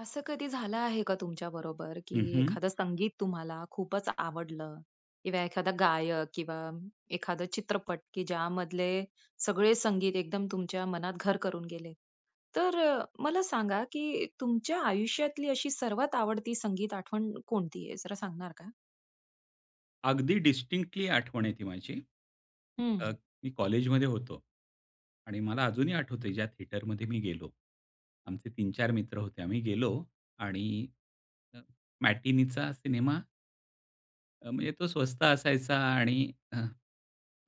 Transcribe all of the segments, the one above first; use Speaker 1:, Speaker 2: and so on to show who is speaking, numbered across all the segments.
Speaker 1: असं कधी झालं आहे का तुमच्या बरोबर,
Speaker 2: हं,
Speaker 1: की
Speaker 2: हं.
Speaker 1: एखादं संगीत तुम्हाला खूपचं आवडलं किंवा एखादा गायक किंवा एखादा चित्रपट, की ज्यामधले सगळे संगीत एकदम तुमच्या मनात घर करून गेले. तर मला सांगा, की तुमच्या आयुष्यातली अशी सर्वात आवडती संगीत आठवण कोणती आहे? जरा सांगणार का?
Speaker 2: अगदी डिस्टिंक्टली आठवण आहे ती माझी. अ,
Speaker 1: हं.
Speaker 2: मी कॉलेजमध्ये होतो. आणि मला अजूनही आठवतंय ज्या थिएटरमध्ये मी गेलो. आमचे तीन चार मित्र होते आम्ही गेलो आणि अ, मॅटिनीचा सिनेमा म्हणजे तो स्वस्त असायचा आणि अ,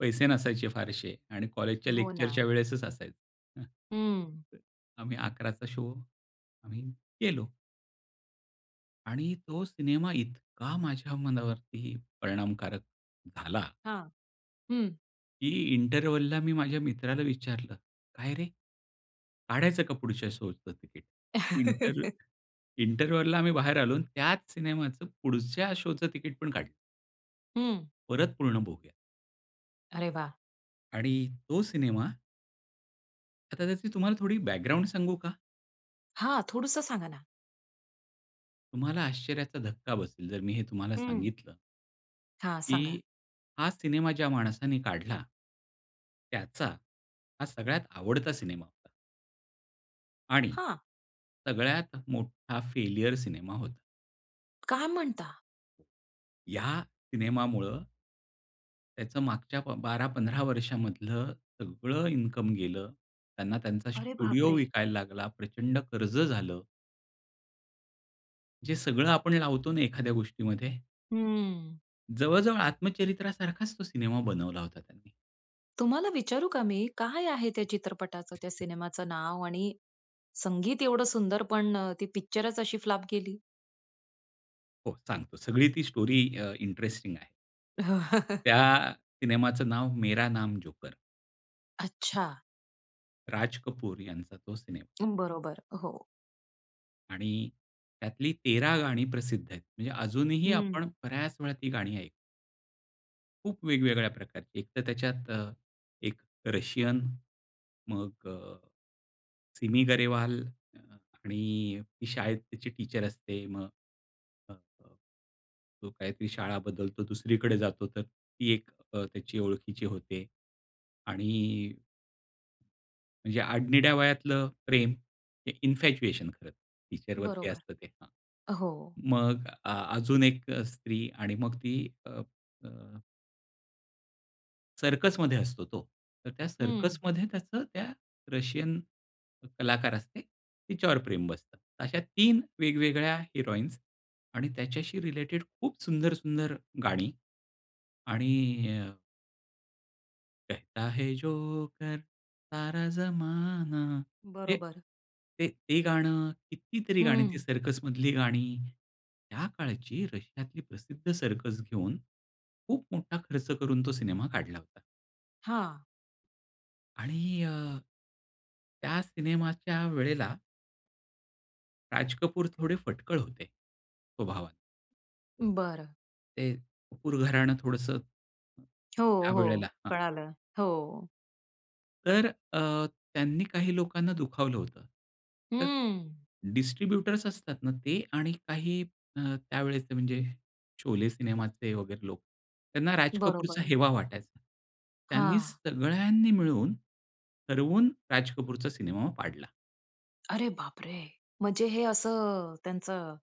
Speaker 2: पैसे नसायचे फारसे आणि कॉलेजच्या
Speaker 1: हो
Speaker 2: लेक्चरच्या
Speaker 1: ना.
Speaker 2: वेळेसच असायचं.
Speaker 1: हं.
Speaker 2: आम्ही 11:00 चा शो आम्ही गेलो. आणि तो सिनेमा इतका माझ्या मनावरती परिणामकारक झाला.
Speaker 1: हां. हं.
Speaker 2: की इंटरव्हलला मी माझ्या मित्राला विचारलं, काय रे? काढायचं का पुढच्या शोचं तिकीट इंटर इंटरव्हलला आम्ही बाहेर आलो आणि त्याच सिनेमाचं पुढच्या शोचं तिकीट पण काढलं.
Speaker 1: हं.
Speaker 2: परत पूर्ण बघूया.
Speaker 1: अरे वाह!
Speaker 2: आणि तो सिनेमा. आता त्याची तुम्हाला थोडी बॅकग्राऊंड सांगू का?
Speaker 1: हां. थोडंसं सांगा ना.
Speaker 2: तुम्हाला आश्चर्याचा धक्का बसेल, जर मी हे तुम्हाला
Speaker 1: हं.
Speaker 2: सांगितलं.
Speaker 1: हां. सांगा.
Speaker 2: की हा सिनेमा ज्या माणसाने काढला, त्याचा हा सगळ्यात आवडता सिनेमा होता. आणि
Speaker 1: हां
Speaker 2: सगळ्यात मोठा फेल्युअर सिनेमा होता.
Speaker 1: काय म्हणता?
Speaker 2: या सिनेमामूळ, त्याचं मागच्या ब 12-15 वर्षामधलं सगळं इन्कम गेलं. त्यांना त्यांचा
Speaker 1: अरे
Speaker 2: स्टुडिओ
Speaker 1: बापरे!
Speaker 2: विकायला लागला. प्रचंड कर्ज झालं. जे सगळं आपण लावतो ना एखाद्या गोष्टीमध्ये.
Speaker 1: हं.
Speaker 2: जवळ-जवळ आत्मचरित्रासारखाच तो सिनेमा बनवला होता त्यांनी.
Speaker 1: तुम्हाला विचारू का मी, काय आहे त्या चित्रपटाचं त्या सिनेमाचं नाव? आणि संगीत एवढं सुंदर, पण ती पिक्चरच अशी फ्लॉप गेली.
Speaker 2: हो. सांगतो, सगळी ती स्टोरी अ, इंटरेस्टिंग आहे. त्या सिनेमाचं नाव, मेरा नाम जोकर.
Speaker 1: अच्छा.
Speaker 2: राज कपूर यांचा तो सिनेमा.
Speaker 1: बरोबर. हो.
Speaker 2: आणि त्यातली 13 गाणी प्रसिद्ध आहेत. म्हणजे अजूनही आपण
Speaker 1: हं.
Speaker 2: बऱ्याच वेळा ती गाणी ऐकू. खूप वेगवेगळ्या प्रकारची. एकतर त्याच्यात अ, एक रशियन, मग अ, सिमी गरेवाल आणि ती शाळेत त्याची टीचर असते मग हो, हो. तो काहीतरी शाळा बदलतो दुसरीकडे जातो तर ती एक अ, त्याची ओळखीची होते. आणि म्हणजे आडनिड्या वयातलं प्रेम, हे इन्फॅच्युएशन खरंतर, टीचरवरती
Speaker 1: बरोबर.
Speaker 2: असतं ते. हां.
Speaker 1: अ, हो.
Speaker 2: मग अ, अजून एक अ, स्त्री आणि मग ती अ, अ सर्कसमध्ये असतो तो. तर त्या
Speaker 1: हं.
Speaker 2: सर्कसमध्ये त्याचं त्या रशियन कलाकार असते, तिच्यावर प्रेम बसतं. अशा 3 वेगवेगळ्या हिरोइन्स आणि त्याच्याशी रिलेटेड खूप सुंदर, सुंदर गाणी. आणि अ कहता है जोकर, सारा जमाना, हे
Speaker 1: बरोबर.
Speaker 2: ते ते गाणं, कितीतरी गाणी ती
Speaker 1: हं.
Speaker 2: सर्कसमधली गाणी. त्या काळची रशियातली प्रसिद्ध सर्कस घेऊन, खूप मोठा खर्च करून तो सिनेमा काढला होता.
Speaker 1: हां.
Speaker 2: आणि अ, त्या सिनेमाच्या वेळेला राज कपूर थोडे फटकळ होते, स्वभावात.
Speaker 1: बरं.
Speaker 2: ते कपूर घराणं थोडंसं
Speaker 1: हो, हो.
Speaker 2: त्यावेळेला हां.
Speaker 1: कळालं. हो.
Speaker 2: तर अ, त्यांनी काही लोकांना दुखावलं होतं. तर
Speaker 1: हं.
Speaker 2: डिस्ट्रिब्युटर्स असतात ना ते आणि काही अ, त्यावेळेचे म्हणजे शोले सिनेमाचे वगैरे लोक, त्यांना राज कपूरचा
Speaker 1: बरोबर.
Speaker 2: हेवा वाटायचा. त्यांनी
Speaker 1: हां.
Speaker 2: सगळ्यांनी मिळून, ठरवून राज कपूरचा सिनेमा पाडला.
Speaker 1: अरे बापरे! म्हणजे हे असं, त्यांचं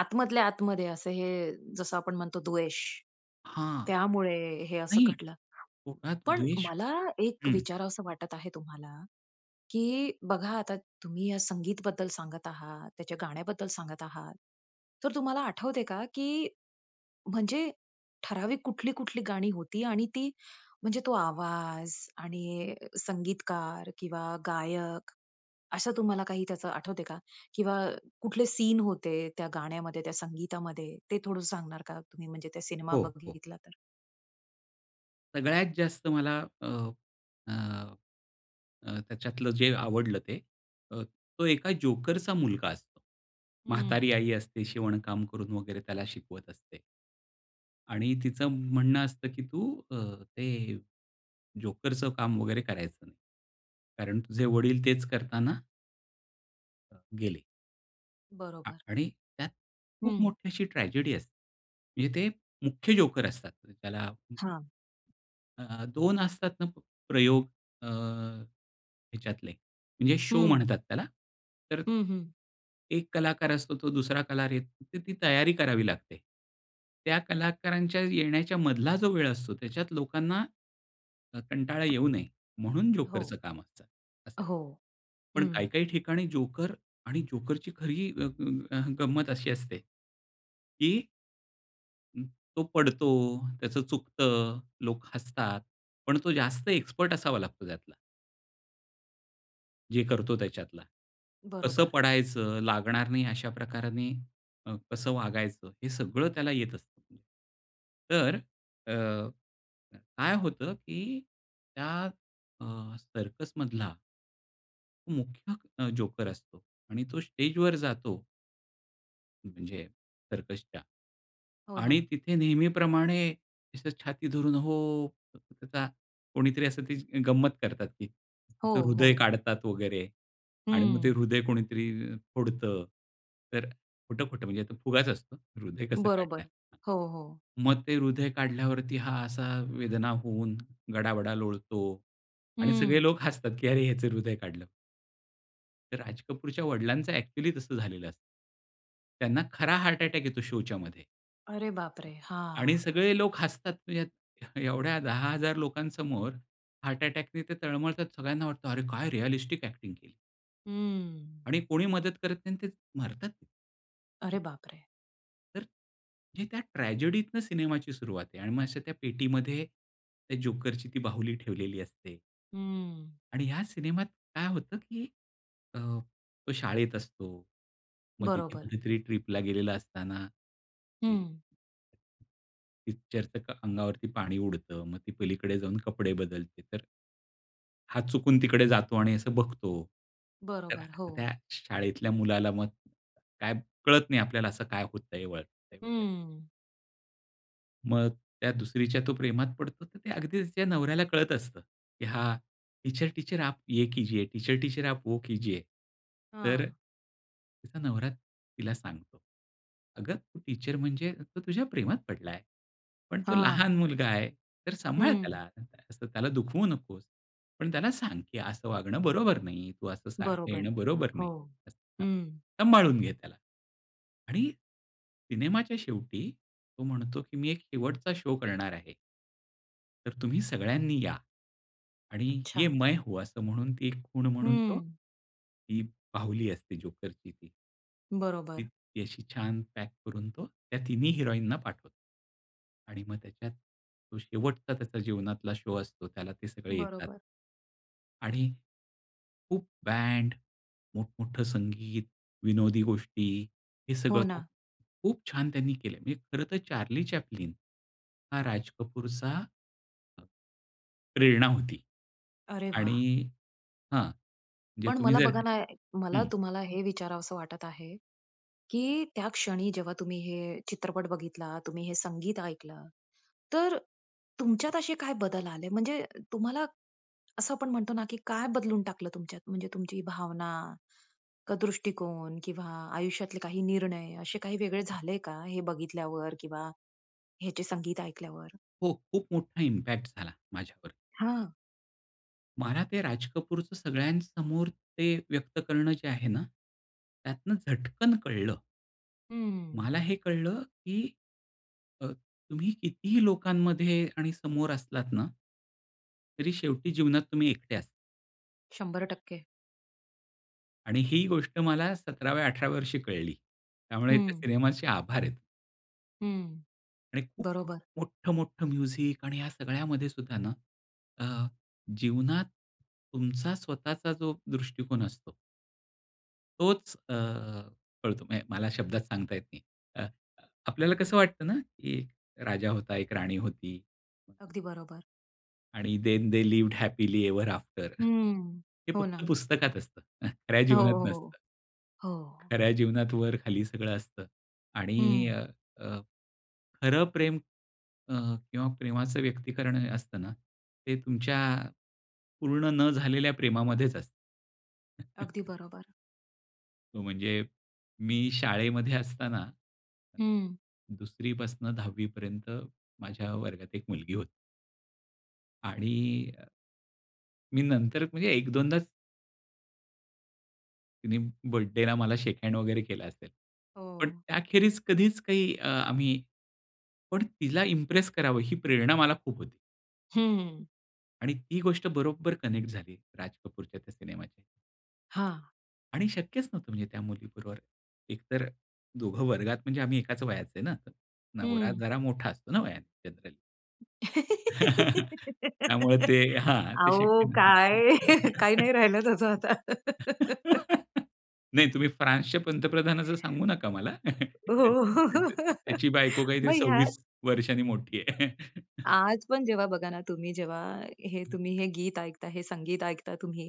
Speaker 1: आतमधल्या आतमध्ये असं, हे जसं आपण म्हणतो द्वेष,
Speaker 2: हां.
Speaker 1: त्यामुळे हे असं
Speaker 2: नाही.
Speaker 1: घडलं.
Speaker 2: पोटात
Speaker 1: पण
Speaker 2: द्वेष
Speaker 1: मला एक
Speaker 2: हं.
Speaker 1: विचारावंस वाटत आहे तुम्हाला, की बघा आता तुम्ही या संगीत बद्दल सांगत आहात, त्याच्या गाण्याबद्दल सांगत आहात, तर तुम्हाला आठवते का, की म्हणजे ठराविक कुठली, कुठली गाणी होती? आणि ती म्हणजे तो आवाज आणि संगीतकार किंवा गायक, असं तुम्हाला काही त्याचं आठवत आहे का? किंवा कुठले सीन होते त्या गाण्यामध्ये, त्या संगीतामध्ये ते थोडं सांगणार का, तुम्ही म्हणजे त्या सिनेमा
Speaker 2: हो, हो.
Speaker 1: बघितला तर?
Speaker 2: सगळ्यात जास्त मला अ, अ, अ, त्याच्यातलं जे आवडलं ते, अ, तो एका जोकरचा मुलगा असतो. म्हातारी
Speaker 1: हं.
Speaker 2: आई असते शिवणकाम करून वगैरे त्याला शिकवत असते. आणि तिचं म्हणणं असतं, की "तू अ, ते जोकरच काम वगैरे करायचं नाही. कारण तुझे वडील तेच करतांना" अ, गेले. आ
Speaker 1: बरोबर.
Speaker 2: आणि त्यात खूप
Speaker 1: हं.
Speaker 2: मोठी अशी ट्रॅजेडी असते. म्हणजे ते मुख्य जोकर असतात त्याला हं,
Speaker 1: हां.
Speaker 2: अ, अ, 2 असतात ना प प्रयोग अ, ह्याच्यातले म्हणजे शो
Speaker 1: हं.
Speaker 2: म्हणतात त्याला. तर
Speaker 1: हं, हं.
Speaker 2: एक कलाकार असतो तो दुसरा कलाकार येतो तर ती तयारी करावी लागते. त्या कलाकारांच्या येण्याच्या मधला जो वेळ असतो त्याच्यात लोकांना अ, कंटाळा येऊ नये म्हणून जोकरच
Speaker 1: हो.
Speaker 2: काम असतं, असायचं.
Speaker 1: हो,
Speaker 2: पण
Speaker 1: हं.
Speaker 2: काही-काही ठिकाणी जोकर आणि जोकरची खरी अ, अ, अ, गंमत अशी असते, की हं तो पडतो, त्याचं चुकतं, लोक हसतात. पण तो जास्त एक्सपर्ट असावा लागतो त्यातला. जे करतो त्याच्यातला. कसं
Speaker 1: बरोबर.
Speaker 2: पडायचं, लागणार नाही अशा प्रकाराने अ, कसं वागायचं हे सगळं त्याला येत असतं. तर अ, काय होतं, की त्या अ, सर्कसमधला मुख्य अ, जोकर असतो आणि तो स्टेजवर जातो, म्हणजे सर्कसच्या
Speaker 1: हो
Speaker 2: आणि
Speaker 1: ना.
Speaker 2: तिथे नेहमीप्रमाणे असं छाती धरून, "हो" त्याचा कोणीतरी असं त्याची अ, गंमत करतात ती.
Speaker 1: हो,
Speaker 2: त्याचं हृदय
Speaker 1: हो.
Speaker 2: काढतात वगैरे आणि मग ते
Speaker 1: हं.
Speaker 2: हृदय कोणीतरी फोडतं. तर खोटं-खोटं म्हणजे तो फुगाच असतो. हृदय कसं काढणार?
Speaker 1: बरोबर.
Speaker 2: हां.
Speaker 1: हो, हो.
Speaker 2: मग ते हृदय काढल्यावरती हा असा वेदना होऊन गडाबडा लोळतो आणि सगळे
Speaker 1: हं.
Speaker 2: लोक हसतात की अरे ह्याचं हृदय काढलं. तर राज कपूरच्या वडिलांचं ॲक्चुअली तसं झालेलं असतं. त्यांना खरा हार्ट अटॅक येतो शोच्यामध्ये
Speaker 1: अरे बापरे!
Speaker 2: आणि
Speaker 1: हां.
Speaker 2: सगळे लोक हसतात ह्यात एवढ्या 10,000 लोकांसमोर हार्ट अटॅकनी ते तळमळतात सगळ्यांना वाटतं अरे काय रिअलिस्टिक ॲक्टिंग केली.
Speaker 1: हम्म.
Speaker 2: आणि कोणी मदत करत नाही अन् ते मरतात.
Speaker 1: अरे बापरे!
Speaker 2: तर हे त्या ट्रॅजेडीतनं सिनेमाची सुरुवात आहे आणि मग अशा त्या पेटीमध्ये त्या जोकरची ती बाहुली ठेवलेली असते.
Speaker 1: हम्म.
Speaker 2: आणि ह्या सिनेमात काय होतं, की अ, तो शाळेत असतो, मग तिथे
Speaker 1: बरोबर.
Speaker 2: कुठेतरी ट्रिपला गेलेलं असताना की
Speaker 1: हं.
Speaker 2: पिच्चरचक अंगावरती पाणी उडतं, मग ती पलीकडे जाऊन कपडे बदलते. तर हा, चुकून तिकडे जातो आणि असं बघतो. तर
Speaker 1: बरोबर.
Speaker 2: त्या
Speaker 1: हो.
Speaker 2: शाळेतल्या मुलाला मग काय कळत नाही आपल्याला असं काय होतंय वळतंय वगैरे.
Speaker 1: हम्म.
Speaker 2: मग त्या दुसरीच्या तो प्रेमात पडतो, तर ते अगदी तिच्या नवऱ्याला कळत असतं, की हा "टीचर टीचर आप ये कीजिए, टीचर टीचर आप वो कीजिये," तर अ,
Speaker 1: हां.
Speaker 2: तिचा नवरा तिला सांगतो, "अगं, तू टीचर म्हणजे तो तुझ्या प्रेमात पडला आहे. पण तो
Speaker 1: हां.
Speaker 2: लहान मुलगा आहे, तर सांभाळ
Speaker 1: हं.
Speaker 2: त्याला. अ, असं त्याला दुखवू नकोस. पण त्याला सांग, की 'असं वागणं बरोबर नाही, तू असं सारखं
Speaker 1: बरोबर.
Speaker 2: येणं बरोबर
Speaker 1: हो.
Speaker 2: नाही.' असं, हां.
Speaker 1: हं.
Speaker 2: सांभाळून घे त्याला." आणि सिनेमाच्या शेवटी तो म्हणतो, की "मी एक शेवटचा शो करणार आहे." तर तुम्ही सगळ्यांनी या आणि ये
Speaker 1: अच्छा.
Speaker 2: मैं हूँ. असं म्हणून ती एक खुण म्हणून तो
Speaker 1: हं.
Speaker 2: ती बाहुली असते जोकरची ती. ती
Speaker 1: बरोबर.
Speaker 2: अशी छान पॅक करून तो त्या तिन्ही हिरोईन ना पाठवतो आणि मग त्याच्यात तो शेवटचा त्याचा जीवनातला शो असतो त्याला ते सगळे येतात.
Speaker 1: बरोबर.
Speaker 2: आणि खूप बँड, मोठमोठं संगीत, विनोदी गोष्टी हे
Speaker 1: हो
Speaker 2: सगळं तो
Speaker 1: ना.
Speaker 2: खूप छान त्यांनी केलं. मी खरं तर चार्ली चॅप्लिन हा राज कपूरचा अ, प्रेरणा होती
Speaker 1: अरे
Speaker 2: आणि
Speaker 1: वाह!
Speaker 2: हां, म्हणजे
Speaker 1: पण
Speaker 2: तुम्ही
Speaker 1: मला
Speaker 2: जर
Speaker 1: बघा ना, ये मला
Speaker 2: हं.
Speaker 1: तुम्हाला हे विचारावसं वाटत आहे, की त्या क्षणी जेव्हा तुम्ही हे चित्रपट बघितला, तुम्ही हे संगीत ऐकलं, तर तुमच्यात असे काय बदल आले? म्हणजे तुम्हाला असं आपण म्हणतो ना, की काय बदलून टाकलं तुमच्यात? म्हणजे तुमची भावना, का दृष्टिकोन किंवा आयुष्यातले काही निर्णय असे काही वेगळे झाले का? हे बघितल्यावर किंवा ह्याचे संगीत ऐकल्यावर?
Speaker 2: हो, खूप मोठा इम्पॅक्ट झाला माझ्यावर.
Speaker 1: हां.
Speaker 2: मला ते राज कपूरचं सगळ्यांसमोर ते व्यक्त करणं जे आहे ना, त्यातनं झटकन कळलं.
Speaker 1: हं.
Speaker 2: मला हे कळलं की अ, तुम्ही कितीही लोकांमध्ये आणि समोर असलात ना तरी शेवटी जीवनात तुम्ही एकटे असता.
Speaker 1: 100%
Speaker 2: आणि ही गोष्ट मला 17व्या 18व्या वर्षी कळली, त्यामुळे त्या
Speaker 1: हं.
Speaker 2: सिनेमाचे आभार आहेत.
Speaker 1: हं.
Speaker 2: आणि खूप-खूप
Speaker 1: बरोबर.
Speaker 2: मोठं-मोठं म्युझिक आणि या सगळ्यामध्ये सुद्धा ना अ, जीवनात तुमचा स्वतःचा जो दृष्टिकोन असतो. तोच अ, कळतो. म्हणजे मला शब्दात सांगता येत नाही. अ अ, आपल्याला कसं वाटतं ना की राजा होता, एक राणी होती.
Speaker 1: अगदी बरोबर.
Speaker 2: आणि then they lived happily ever after.
Speaker 1: हं.
Speaker 2: हे
Speaker 1: हो
Speaker 2: फक्त
Speaker 1: ना.
Speaker 2: पुस्तकात असतं, खऱ्या
Speaker 1: हो,
Speaker 2: जीवनात नसतं.
Speaker 1: हो, हो.
Speaker 2: खऱ्या जीवनात वर, खाली सगळं असतं. आणि
Speaker 1: हं.
Speaker 2: अ, अ, खरं प्रेम अ, किंवा प्रेमाचं व्यक्तीकरण असतं ना ते तुमच्या पूर्ण न झालेल्या प्रेमामध्येच असतं.
Speaker 1: अगदी बरोबर.
Speaker 2: हो, म्हणजे मी शाळेमध्ये असताना,
Speaker 1: हं.
Speaker 2: 2री पासनं 10 वीपर्यंत माझ्या वर्गात एक मुलगी होती. आणि अ मी नंतर म्हणजे एक दोनदाच, तिने बर्थडेला मला शेक हँड वगैरे केला असेल. पण
Speaker 1: हो.
Speaker 2: त्याखेरीज कधीच काही अ, आम्ही पण तिला इम्प्रेस करावं ही प्रेरणा मला खूप होती.
Speaker 1: हम्म.
Speaker 2: आणि ती गोष्ट बरोबर कनेक्ट झाली राज कपूरच्या त्या सिनेमाशी.
Speaker 1: हां.
Speaker 2: आणि शक्यच नव्हतं म्हणजे त्या मुलीबरोबर, एक तर अ, दोघं वर्गात म्हणजे आम्ही एकाच वयाचे आहे ना, नवरा
Speaker 1: हं.
Speaker 2: जरा मोठा असतो ना वयाने जनरली. त्यामुळे ते, हां. ते शक्य
Speaker 1: अहो
Speaker 2: नव्हतं.
Speaker 1: काय? काही नाही राहिलं तसं आता.
Speaker 2: नाही तुम्ही फ्रान्सच्या पंतप्रधानाचं सांगू नका मला.
Speaker 1: हो, हो.
Speaker 2: त् य त त्याची बायको काहीतरी
Speaker 1: मग ह्यात,
Speaker 2: 26 वर्षांनी मोठी आहे.
Speaker 1: आज पण जेव्हा बघा ना, तुम्ही जेव्हा, हे तुम्ही हे गीत ऐकता, हे संगीत ऐकता तुम्ही,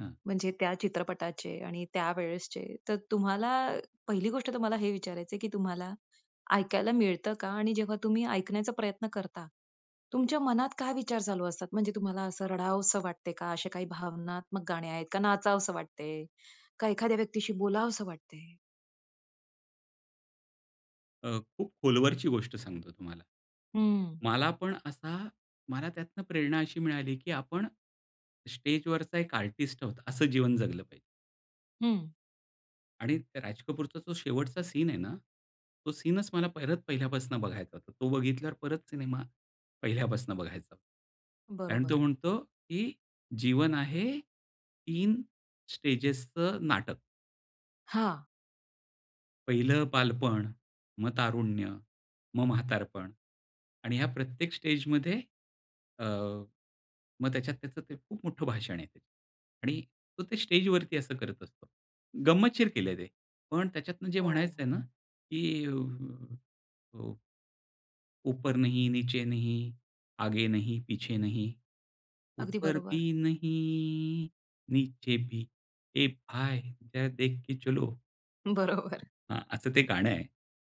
Speaker 2: हं.
Speaker 1: म्हणजे त्या चित्रपटाचे आणि त्या वेळेसचे तर तुम्हाला, पहिली गोष्ट तुम्हाला हे विचारायच आहे की तुम्हाला ऐकायला मिळतं का? आणि जेव्हा तुम्ही ऐकण्याचा प्रयत्न करता, तुमच्या मनात काय विचार चालू असतात म्हणजे तुम्हाला असं रडावसं वाटतंय का? असे काही भावनात्मक गाणे आहेत का नाचावसं वाटतंय? का एखाद्या व्यक्तीशी बोलावसं वाटतंय?
Speaker 2: अ, खूप खोलवरची गोष्ट सांगतो तुम्हाला.
Speaker 1: हं.
Speaker 2: मला पण असा मला त्यातनं प्रेरणा अशी मिळाली, की आपण स्टेजवरचा एक आर्टिस्ट आहोत असं जीवन जगलं पाहिजे.
Speaker 1: हं.
Speaker 2: आणि त्या राज कपूरचा जो शेवटचा सीन आहे ना, तो सीनच मला परत पहिल्यापासून बघायचा होता. तो बघितल्यावर परत सिनेमा पहिल्यापासून बघायचो आणि
Speaker 1: बरोबर.
Speaker 2: तो म्हणतो की जीवन आहे 3 स्टेजेसच नाटक.
Speaker 1: हां.
Speaker 2: पहिलं बालपण, मग तारुण्य, मग म्हातारपण आणि ह्या प्रत्येक स्टेजमध्ये अ, मग त्याच्यात त्याचं ते खूप मोठं भाषण आहे ते. आणि तो ते स्टेजवरती असं करत असतो. गंमतशीर केले ते. पण त्याच्यातनं जे
Speaker 1: हो.
Speaker 2: म्हणायचंय ना, की अ, ऊ ऊपर नहीं नीचे नहीं, आगे नहीं, पीछे नहीं,
Speaker 1: अगदी
Speaker 2: ऊपर
Speaker 1: बरोबर.
Speaker 2: भी नहीं, नीचे भी ये भाई! जरा देख के चलो.
Speaker 1: बरोबर.
Speaker 2: हां, असं ते गाणं आहे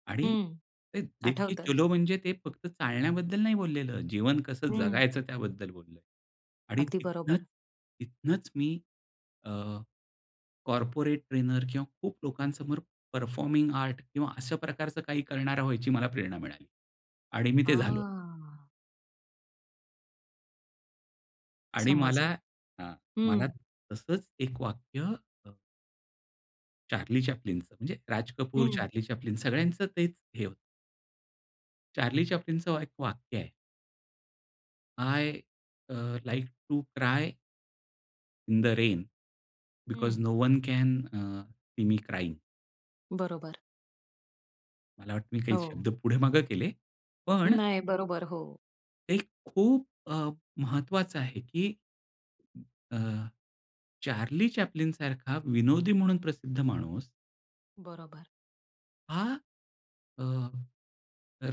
Speaker 2: आणि
Speaker 1: हं.
Speaker 2: ते देखके
Speaker 1: आठवतं.
Speaker 2: चलो म्हणजे ते फक्त चालण्याबद्दल नाही बोललेलं, जीवन कसं
Speaker 1: हं.
Speaker 2: जगायचं त्याबद्दल बोललो आणि
Speaker 1: अगदी
Speaker 2: तिथनं
Speaker 1: बरोबर.
Speaker 2: तिथनंच मी अ, कॉर्पोरेट ट्रेनर किंवा खूप लोकांसमोर परफॉर्मिंग आर्ट किंवा अशा प्रकारचं काही करणारा व्हायची मला प्रेरणा मिळाली आणि मी ते झालो.
Speaker 1: हां.
Speaker 2: आणि मला
Speaker 1: समजलं.
Speaker 2: अ, मला
Speaker 1: हं.
Speaker 2: तसंच एक वाक्य अ चार्ली चॅप्लिनचं, म्हणजे राज कपूर,
Speaker 1: हं.
Speaker 2: चार्ली चॅप्लिन सगळ्यांचं तेच हे होतं. चार्ली चॅप्लिनचं व एक वाक्य आहे. "I uh, like to cry..." "in the rain, because
Speaker 1: hmm.
Speaker 2: No one can uh, see me crying."
Speaker 1: बरोबर.
Speaker 2: मला वाटतं मी काही
Speaker 1: हो.
Speaker 2: शब्द पुढे-मागे केले. पण
Speaker 1: नाही. बरोबर, हो.
Speaker 2: एक खूप अ, महत्वाचं आहे की अ, चार्ली चॅप्लिन सारखा विनोदी म्हणून प्रसिद्ध माणूस
Speaker 1: बरोबर.
Speaker 2: हा अ,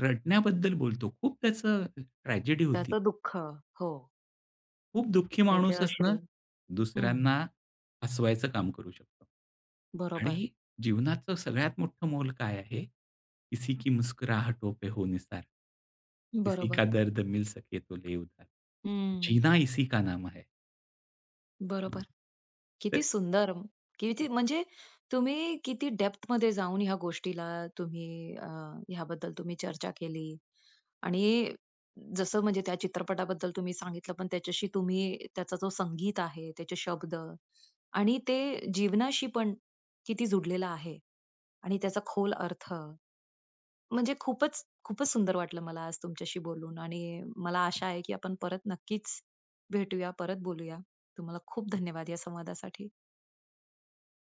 Speaker 2: रडण्याबद्दल बोलतो. खूप त्याचं ट्रॅजेडी होती.
Speaker 1: त्याच दुःख. हो.
Speaker 2: खूप दुःखी
Speaker 1: त्याचे
Speaker 2: माणूसच ना,
Speaker 1: अश्रू. हं.
Speaker 2: दुसऱ्यांना हसवायचं काम करू शकतो.
Speaker 1: बरोबर.
Speaker 2: आणि जीवनाचं सगळ्यात मोठं मोल काय आहे? "किसी की मुस्कुरहटो पे हो निसार. किसी का
Speaker 1: बरोबर.
Speaker 2: दर्द मिल सके तो ले उधार.
Speaker 1: हं.
Speaker 2: जीना इसी का नाम है."
Speaker 1: बरोबर.
Speaker 2: [unintelligible] तर
Speaker 1: किती सुंदर! किती म्हणजे तुम्ही किती डेप्थमध्ये जाऊन ह्या गोष्टीला तुम्ही अ, ह्या बद्दल तुम्ही चर्चा केली आणि जसं म्हणजे त्या चित्रपटाबद्दल तुम्ही सांगितलं पण त्याच्याशी तुम्ही त्याचा जो संगीत आहे, त्याचे शब्द आणि ते जीवनाशी पण किती जुडलेलं आहे आणि त्याचा खोल अर्थ, म्हणजे खूपच, खूपच सुंदर वाटलं मला आज तुमच्याशी बोलून आणि मला आशा आहे, की आपण परत नक्कीच भेटूया, परत बोलूया. तुम्हाला खूप धन्यवाद या संवादासाठी.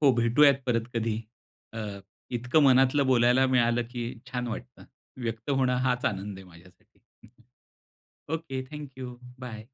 Speaker 2: हो भेटूयात परत कधी. अ, इतकं मनातलं बोलायला मिळालं की छान वाटतं. व्यक्त होणं हाच आनंद आहे माझ्यासाठी. ओके. Thank you. बाय.